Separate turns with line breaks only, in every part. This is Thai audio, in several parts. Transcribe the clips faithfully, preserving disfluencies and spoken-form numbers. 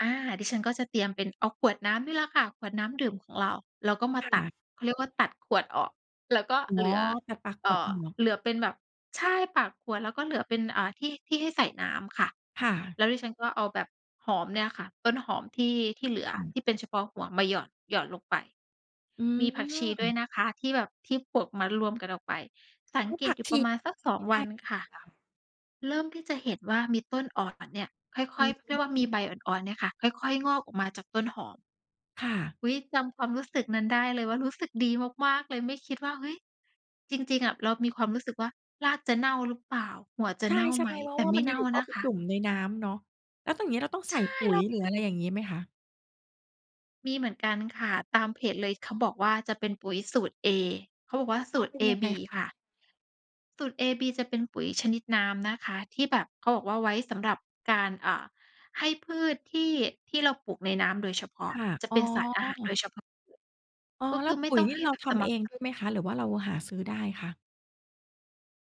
อ่า ดิฉันก็จะเตรียมเป็น เอาขวดน้ำนี่แหละค่ะ ขวดน้ำดื่มของเรา แล้วก็มา
ค
ตัด
่ะ
เขาเรียกว่าตัดขวดออก แล้วก็
อ๋อ
เหลือ
ตัดปาก
เ
ข
อ่
วด
อ
อือ
เหลือเป็นแบบ ใช่ ปากขวด แล้วก็เหลือเป็น อ่า ที่ ที่ให้ใส่น้ำค่ะ
ค่ะ
แล้วดิฉันก็เอาแบบหอมเนี่ยค่ะ ต้นหอมที่ ที่เหลือ
ค่
ท
ะ
ี่เป็นเฉพาะหัวมาหยอด หยอดลงไป
อื
มีผักชีด้วย
ม
นะคะ ที่แบบที่ปวกมัดรวมกันออกไป สัง
พวก
เก
ผ
ต
ั
อ
ก
ยู่
ช
ปร
ี
ะมาณสัก สอ
ก
ง
ิน
ว
ง่
ั
าย
นค่ะ
นะคะ
เริ่มที่จะเห็นว่ามีต้นอ่อนมันเนี่ย ค
อ
่อย
ื
ๆ เรียกว่า มี
ม
ใบอ่อน ๆ เนี่ยค่ะ ค่อย ๆ งอกออกมาจากต้นหอม
ค่ะ
อุ๊ย จำความรู้สึกนั้นได้เลยว่ารู้สึกดีมาก ๆ เลย ไม่คิดว่า เฮ้ย จริง ๆ อะ เรามีความรู้สึกว่า รากจะเน่าหรือเปล่า? หัวจ
ใ
ะเน่า
ช่
ไหม?
ๆ เพรา
แต
ะ
่
ว่
ไ
า
ม
ม
่
ันอ
เน่า
ยู่ ๆ ก็เอ
น
า
ะ
ไป
คะ
จุ่มในน้ำเนาะ แล้วอย่างงี้เราต้องใ
ใ
ส
ช
่
่
ปุ๋
เรา
ย หรืออะไรอย่างงี้ไหมคะ?
มีเหมือนกันค่ะ ตามเพจเลยเขาบอกว่าจะเป็นปุ๋ยสูตร เอ เขาบอกว่า ส
อ
ู
๋อ
ตร
เป็
เอ
นยัง
บ
ไง
ี
คะ?
ค่ะ สูตร เอบี จะเป็นปุ๋ยชนิดน้ำนะคะ ที่แบบเขาบอกว่าไว้สำหรับการ อ่า ให้พืชที่ ที่เราปลูกในน้ำโดยเฉพาะ
ค่ะ
จะ
อ๋
เป
อ
็นสารอาหารโดยเฉพาะ
อ๋อ
ก็
แ
ค
ล้
ือ
ว
ไม
ป
่
ุ๋
ต
ย
้อง
นี
ใ
่
ห้
เรา
แบบ
ท
สม
ำเ
่
อ
ำ
ง
เส
ด้
ม
ว
อ
ยไหมคะ? หรือว่าเราหาซื้อได้คะ?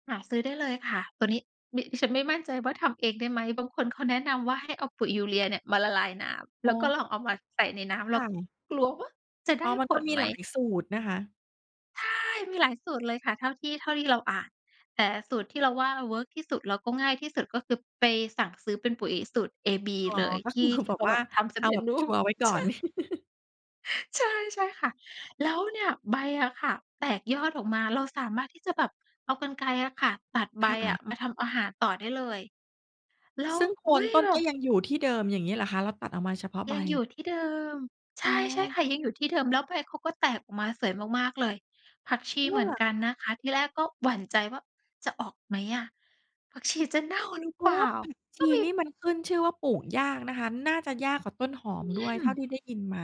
หาซื้อได้เลยค่ะ ตัวนี้ ดิ ดิฉันไม่มั่นใจว่าทำเองได้ไหม บางคนเขาแนะนำว่าให้เอาปุ๋ย Urea เนี่ย มาละลายน้ำ แ
อ
ล
๋
้วก็
อ
ลองเอามาใส่ในน้ำ เร
ค
า
่ะ
กลัวว่าจะไ
อ
ด
๋อ
้
มัน
ผ
ก็
ล
มี
ไหม?
หลายสูตรนะคะ
ใช่ มีหลายสูตรเลยค่ะ เท่าที่ เท่าที่เราอ่าน แต่สูตรที่เราว่าเวิร์กที่สุด แล้วก็ง่ายที่สุด ก็คือไปสั่งซื้อเป็นปุ๋ยสูตร เอบี
อ๋อ
เลย
ก็
ท
ค
ี
ื
่
อเขา
ที
แ
่
บ
เข
บ
า
ว
แบ
่า
บทำ ส
เอ
ำ
า
เร็
แ
จ
บบ
รู
ช
ป
ัวร์ไว้ก่อ
ใช่
น
ใช่ ใช่ค่ะ แล้วเนี่ยใบอะค่ะ แตกยอดออกมาเราสามารถที่จะแบบเอากรรไกรอะค่ะ ตัดใบ
ค่
อะ
ะ
มาทำอาหารต่อได้เลย แล้ว
ซึ่งโค
อุ๊
น
ย
ต้น
แบ
ก็
บ
ยังอยู่ที่เดิม อย่างงี้เหรอคะ? แล้วตัดเอามาเฉพาะใ
ยั
บ
งอยู่ที่เดิม ใช
อ๋
่ ใช่
อ
ค่ะ ยังอยู่ที่เดิมแล้วใบเขาก็แตกออกมาสวยมาก ๆ เลย ผักชี
โอ้
เหมื
เ
อ
หร
น
อ
กั
ค
นน
ะ
ะคะ ทีแรกก็หวั่นใจว่าจะออกไหมอะ? ผักชีจะเน่าหรือ
เพ
เป
รา
ล
ะ
่
ว
า?
่าผักช
ก็
ี
มี
นี่มันขึ้นชื่อว่า ปลูกยากนะคะ น่าจะยากกว่าต้นหอม
เนี
ด
่
้
ย
วย
อื
เท่
ม
าที่ได้ยินมา